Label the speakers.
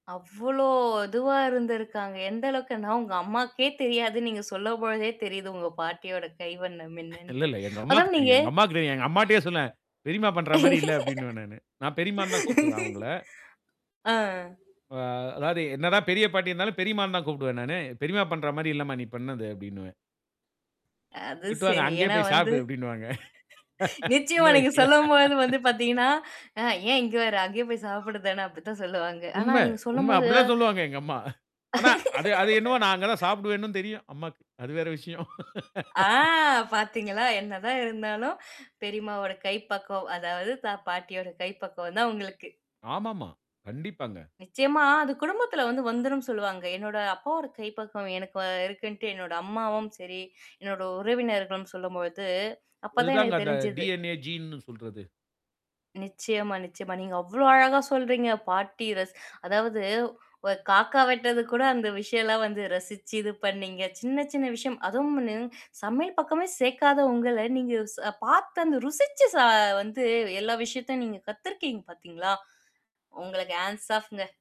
Speaker 1: அவ்ளோ இதுவா இருந்திருக்காங்க. எந்த அளவுக்குனா உங்க அம்மாவுக்கே தெரியாது. நீங்க சொல்லும் பொழுதே தெரியுது, உங்க பாட்டியோட கைவண்ணம்
Speaker 2: இல்ல,
Speaker 1: என்னன்ட்டு.
Speaker 2: இல்ல. எங்க அம்மாவுக்கு
Speaker 1: அதுவும் நீங்க
Speaker 2: தெரியும். எங்க அம்மாவுக்கிட்டே எங்க அம்மாக்கிட்டயே சொன்னேன், பெரியம்மா பண்றமாரி இல்ல அப்பிடின்னுவேன் நானு. நான் பெரியம்மான்னு தான் கூப்பிடுவேன் அவுங்கள.
Speaker 1: ஆ.
Speaker 2: ஆ. அதாவது என்னதான் பெரிய பாட்டி இருந்தாலும், பெரியம்மான்னு தான் கூப்பிடுவேன் நானு. பெரியம்மா பண்றமாரி இல்லம்மா! நீ பண்ணது அப்பிடின்னுவேன்.
Speaker 1: அது
Speaker 2: திட்டுவாங்க.
Speaker 1: சரி.
Speaker 2: அங்கேயே
Speaker 1: ஏன்னா
Speaker 2: போய்
Speaker 1: வந்து
Speaker 2: சாப்பிடு அப்பிடின்னுவாங்க. சின்ன
Speaker 1: நிச்சயமா நீங்க
Speaker 2: வயசுல.
Speaker 1: சொல்லும்போது வந்து பாத்தீங்கன்னா, ஆ ஏன் இங்க வர அங்கேயே போய் சாப்பிடுதான அப்பிடி தான் சொல்லுவாங்க. ஆனா
Speaker 2: உண்ம.
Speaker 1: நீங்க
Speaker 2: உண்ம
Speaker 1: சொல்லும்போது
Speaker 2: அப்பிடி தான் சொல்வாங்க எங்க அம்மா. ஆனா, அது, அது என்னமோ நான் அங்க தான் சாப்பிடுவேனும் தெரியும். அம்மாவுக்கு. அது வேறு விஷயம்.
Speaker 1: ஆ பாத்தீங்களா, என்னதான் இருந்தாலும், பெரியம்மாவோட கைப்பக்குவம் அதாவது தா பாட்டியோட கை பக்குவம் தான் உங்களுக்கு.
Speaker 2: ஆமா, ஆமா. கண்டிப்பாங்க.
Speaker 1: நிச்சயமா. அது குடும்பத்துல வந்து வந்துருன்னு சொல்லுவாங்க. என்னோட அப்பாவோட கைப்பக்குவம் எனக்கு இருக்குன்னுட்டு என்னோட அம்மாவும் சரி, என்னோட உறவினர்களும் சொல்லும் பொழுது அப்ப
Speaker 2: அது
Speaker 1: தான்
Speaker 2: தான்
Speaker 1: எனக்கு
Speaker 2: அந்த
Speaker 1: தெரிஞ்சுது.
Speaker 2: டி-என்-ஏ, ஜீன்னு சொல்றது.
Speaker 1: நிச்சயமா, நிச்சயமா. நீங்க அவ்ளோ அழகா சொல்றீங்க. பாட்டி ரசிச் அதாவது ஒரு காக்கா வெட்டதுக்கு கூட அந்த விஷயம் எல்லாம் வந்து ரசிச்சு இது பண்ணீங்க. சின்ன சின்ன விஷயம் அதுவும் சமையல் பக்கமே சேர்க்காத உங்கள நீங்க ஸ் பார்த்து அந்த ருசிச்சு ச வந்து எல்லா விஷயத்தையும் நீங்க கத்துருக்கீங்க பாத்தீங்களா? உங்களுக்கு ஹேண்ட்ஸ் ஆஃப்ங்க.